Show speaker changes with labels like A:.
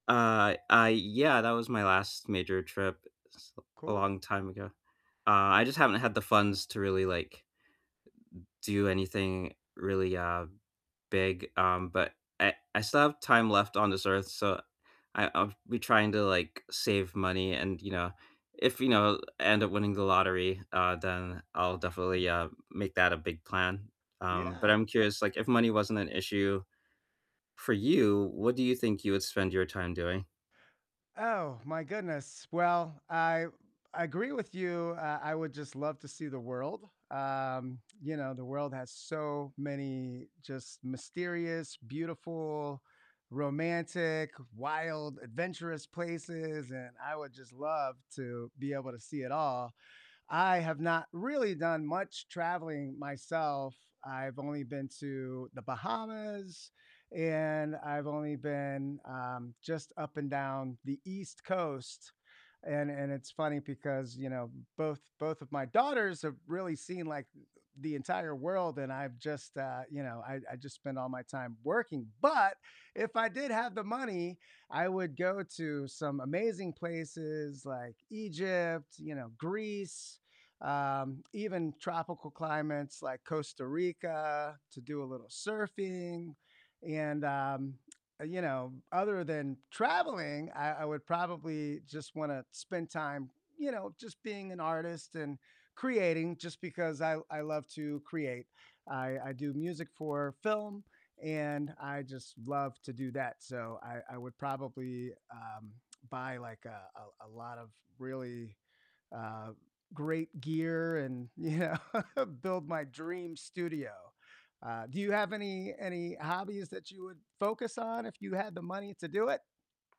A: Uh, i I Yeah, that was my last major trip s a
B: Cool.
A: long time ago, uh, I just haven't had the funds to really, like do anything really, uh, big, um, but I I still have time left on this earth, so, I I'll be trying to, like, save money and, you know, if, you know, end up winning the lottery, uh, then I'll definitely, uh, make that a big plan. Um, but
B: Yeah.
A: I'm curious, like, if money wasn't an issue for you, what do you think you would spend your time doing?
B: Oh, my goodness, well, I I agree with you, uh, I would just love to see the world, um, you know, the world has so many just mysterious, beautiful, romantic, wild, adventurous places, and I would just love to be able to see it all. I have not really done much traveling myself, I've only been to the Bahamas, and I've only been, um, just up and down the East Coast, and and it's funny because, you know, both both of my daughters have really seen, like, the entire world, and I've just, uh, you know, I I just spend all my time working, but if I did have the money, I would go to some amazing places like Egypt, you know, Greece, um, even tropical climates like Costa Rica to do a little surfing, and, um, you know other than traveling, I I would probably just wanna spend time, you know, just being an artist and creating just because I I love to create. I I do music for film, and I just love to do that, so I I would probably, um, buy, like, a a a lot of really, uh, great gear and, you know, build my dream studio. Uh, do you have any any hobbies that you would focus on if you had the money to do it?